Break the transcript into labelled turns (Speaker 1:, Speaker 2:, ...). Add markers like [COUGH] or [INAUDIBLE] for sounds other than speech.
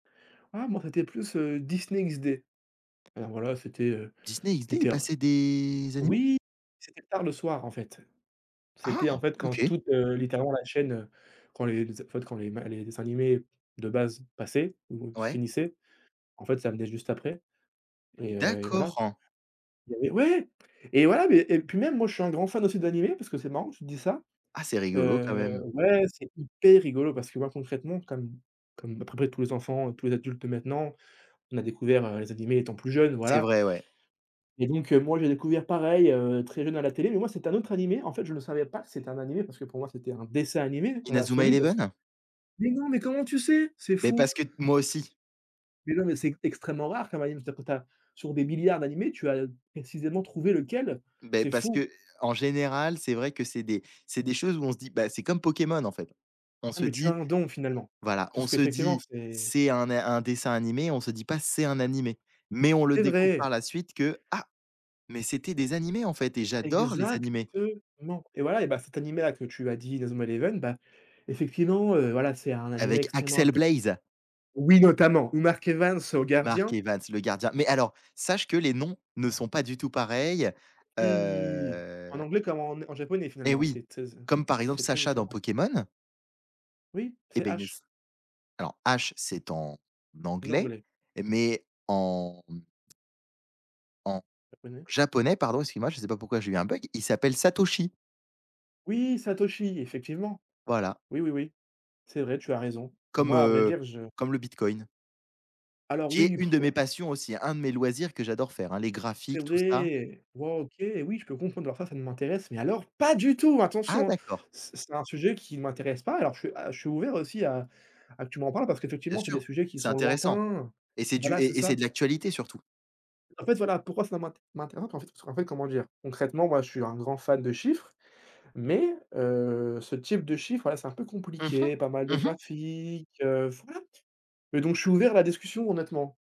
Speaker 1: Ah, moi, c'était plus, heu, Disney XD, alors, voilà, c'était, heu,
Speaker 2: Disney XD, il
Speaker 1: Luther
Speaker 2: passait des animés?
Speaker 1: oui, c'était tard le soir, en fait,
Speaker 2: Ah!
Speaker 1: c'était, en fait, quand
Speaker 2: OK.
Speaker 1: toute, heu, littéralement, la chaîne, heu, quand les les, en fait, quand les ma les dessins animés de base passaient ou
Speaker 2: Ouais.
Speaker 1: finissaient, en fait, ça venait juste après et heu et voilà.
Speaker 2: D'accord.
Speaker 1: Il avait ouais! Et voilà, mais et puis même, moi, je suis un grand fan d'animés parce que c'est marrant que tu te dise ça,
Speaker 2: Ah, c'est rigolo quand
Speaker 1: heu,
Speaker 2: même!
Speaker 1: ouais, c'est hyper rigolo parce que, moi, concrètement, comme comme à peu près tous les enfants, tous les adultes de maintenant, on a découvert, heu, les animés étant plus jeunes,
Speaker 2: C'est
Speaker 1: voilà
Speaker 2: vrai, ouais.
Speaker 1: et donc heu, moi, j'ai découvert pareil, heu, très jeune à la télé mais moi, c'est un autre animé, en fait, je le savais pas que c'était un animé parce que pour moi, c'était un dessin animé, dans
Speaker 2: Inazuma
Speaker 1: l'absolu parce que
Speaker 2: Eleven?
Speaker 1: mais non, mais comment tu sais? C'est
Speaker 2: Mais
Speaker 1: fou!
Speaker 2: parce que moi, aussi.
Speaker 1: Mais non, mais c'est extrêmement rare, quand même, tu as tu as sur des milliards d'animés, tu as précisément trouvé lequel,
Speaker 2: Ben,
Speaker 1: c'est
Speaker 2: parce
Speaker 1: fou!
Speaker 2: qu'en général, c'est vrai que c'est des c'est des choses où on se dit, bah, c'est comme Pokémon, en fait, on
Speaker 1: Ah
Speaker 2: se
Speaker 1: mais tu as
Speaker 2: dit
Speaker 1: un don finalement,
Speaker 2: voilà,
Speaker 1: parce
Speaker 2: on se
Speaker 1: qu'effectivement,
Speaker 2: dit
Speaker 1: c'est
Speaker 2: c'est un é un dessin animé, on se dit pas c'est un animé mais on le
Speaker 1: C'est
Speaker 2: découvre
Speaker 1: vrai!
Speaker 2: par la suite que, ah, mais c'était des animés, en fait et j'adore les
Speaker 1: Exactement
Speaker 2: animés!
Speaker 1: et voilà et bah, cet animé-là que tu as dit, Inazuma Eleven, bah, effectivement, heu, voilà, c'est un animé
Speaker 2: Avec
Speaker 1: extrêmement
Speaker 2: Axel
Speaker 1: inté
Speaker 2: Blaze.
Speaker 1: oui, notamment ou Mark Evans au
Speaker 2: Mark
Speaker 1: gardien.
Speaker 2: Evans, le gardien mais alors, sache que les noms ne sont pas du tout pareils,
Speaker 1: Oui! En
Speaker 2: heu
Speaker 1: anglais comme en en japonais,
Speaker 2: Eh
Speaker 1: finalement,
Speaker 2: oui,
Speaker 1: c'est tézè
Speaker 2: comme par exemple
Speaker 1: c'est très
Speaker 2: Sacha dans
Speaker 1: différent.
Speaker 2: Pokémon.
Speaker 1: Oui,
Speaker 2: Et
Speaker 1: c'est
Speaker 2: beh, il ne
Speaker 1: Ash.
Speaker 2: s' alors Ash c'est en anglais,
Speaker 1: L'anglais.
Speaker 2: mais en en
Speaker 1: Japonais?
Speaker 2: japonais, pardon, excuse-moi, je sais pas pourquoi j'ai eu un bug. Il s'appelle Satoshi.
Speaker 1: Oui! Satoshi effectivement.
Speaker 2: Voilà.
Speaker 1: Oui, oui, oui. C'est vrai, tu as raison.
Speaker 2: Comme,
Speaker 1: Moi, à vrai
Speaker 2: heu,
Speaker 1: dire, je
Speaker 2: comme le Bitcoin
Speaker 1: Alors
Speaker 2: qui est
Speaker 1: oui,
Speaker 2: une
Speaker 1: [BLOWS AIR]
Speaker 2: de mes
Speaker 1: voilà.
Speaker 2: passions aussi, un de mes loisirs que j'adore faire, hein, les
Speaker 1: C'est
Speaker 2: graphiques, tout ça.
Speaker 1: vrai! Wow! OK, oui, je peux comprendre mais alors ça ne m'intéresse mais alors pas du tout,
Speaker 2: Ah!
Speaker 1: attention, hein!
Speaker 2: D'accord.
Speaker 1: C'est c'est un sujet qui m'intéresse pas alors je suis à je suis ouvert aussi à à que tu m'en parles parce
Speaker 2: Bien
Speaker 1: qu'effectivement, c'est des
Speaker 2: sûr,
Speaker 1: sujets qui
Speaker 2: c'est
Speaker 1: sont
Speaker 2: intéressant
Speaker 1: lointains.
Speaker 2: et c'est du
Speaker 1: Voilà, c'est
Speaker 2: et et c'est
Speaker 1: ça.
Speaker 2: de l'actualité surtout.
Speaker 1: En fait, voilà, pourquoi ça m'int m'intéresse pas, parce qu'en fait en fait, comment dire? Concrètement, moi, je suis un grand fan de chiffres, mais heu, ce type de chiffre, voilà, c'est un peu
Speaker 2: Mmh mh,
Speaker 1: compliqué, pas mal de
Speaker 2: mmh mh.
Speaker 1: graphique, heu, voilà et donc je suis ouvert à la discussion, honnêtement.